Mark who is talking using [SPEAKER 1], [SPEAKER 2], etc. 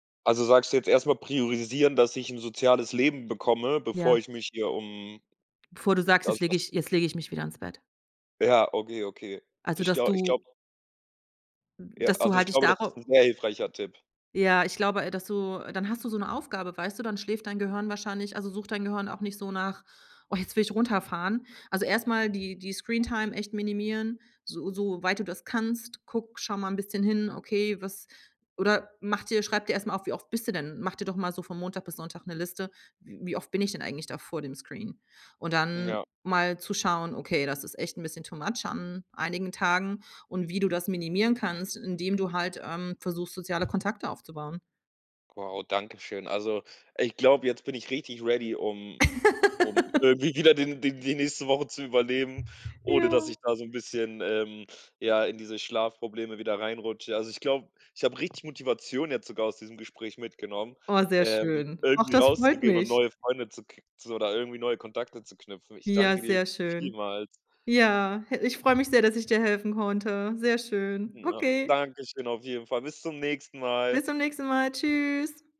[SPEAKER 1] Also, sagst du jetzt erst mal priorisieren, dass ich 'n soziales Leben bekomme, bevor
[SPEAKER 2] Ja.
[SPEAKER 1] ich mich hier um
[SPEAKER 2] Bevor du sagst:
[SPEAKER 1] das
[SPEAKER 2] „Jetzt lege
[SPEAKER 1] das
[SPEAKER 2] ich jetzt lege ich mich wieder ins Bett.“
[SPEAKER 1] Ja, okay, okay.
[SPEAKER 2] Also,
[SPEAKER 1] Ich
[SPEAKER 2] dass
[SPEAKER 1] glau ich glaube
[SPEAKER 2] du hm,
[SPEAKER 1] Ja,
[SPEAKER 2] dass du
[SPEAKER 1] also, ich
[SPEAKER 2] halt dich
[SPEAKER 1] glaube, das ist
[SPEAKER 2] darauf
[SPEAKER 1] 'n sehr hilfreicher Tipp.
[SPEAKER 2] Ja, ich glaube, äh, dass du dann hast du so 'ne Aufgabe, weißt du? Dann schläft dein Gehirn wahrscheinlich also, sucht dein Gehirn auch nicht so nach: „Oh, jetzt will ich runterfahren.“ Also, erst mal die die Screentime echt minimieren, so so weit du das kannst. Guck schau mal bisschen hin: „Okay, was“ oder mach dir schreib dir erst mal auf, wie oft bist du denn mach dir doch mal so von Montag bis Sonntag 'ne Liste: „W wie oft bin ich denn eigentlich da vor dem Screen?“ Und dann
[SPEAKER 1] Ja.
[SPEAKER 2] mal zu schauen: „Okay, das ist echt 'n bisschen too much an einigen Tagen“ und wie du das minimieren kannst, indem du halt, ähm, versuchst, soziale Kontakte aufzubauen.
[SPEAKER 1] Wow, Dankeschön. Also, ich glaube, jetzt bin ich richtig ready, um um irgendwie wieder die die die nächste Woche zu überleben, ohne
[SPEAKER 2] Ja.
[SPEAKER 1] dass ich da so 'n bisschen, ähm, ja, in diese Schlafprobleme wieder reinrutsche. Also, ich glaube ich habe richtig Motivation jetzt sogar aus diesem Gespräch mitgenommen,
[SPEAKER 2] Oh, sehr
[SPEAKER 1] ähm,
[SPEAKER 2] schön. Ach,
[SPEAKER 1] irgendwie
[SPEAKER 2] das freut
[SPEAKER 1] rauszugehen und
[SPEAKER 2] mich.
[SPEAKER 1] neue Freunde zu k zu oder irgendwie neue Kontakte zu knüpfen. Ich
[SPEAKER 2] Ja,
[SPEAKER 1] danke dir
[SPEAKER 2] sehr schön.
[SPEAKER 1] vielmals.
[SPEAKER 2] Ja, ich freue mich sehr, dass ich dir helfen konnte. Sehr schön.
[SPEAKER 1] M ja,
[SPEAKER 2] Okay.
[SPEAKER 1] Dankeschön auf jeden Fall. Bis zum nächsten Mal.
[SPEAKER 2] Bis zum nächsten Mal. Tschüss.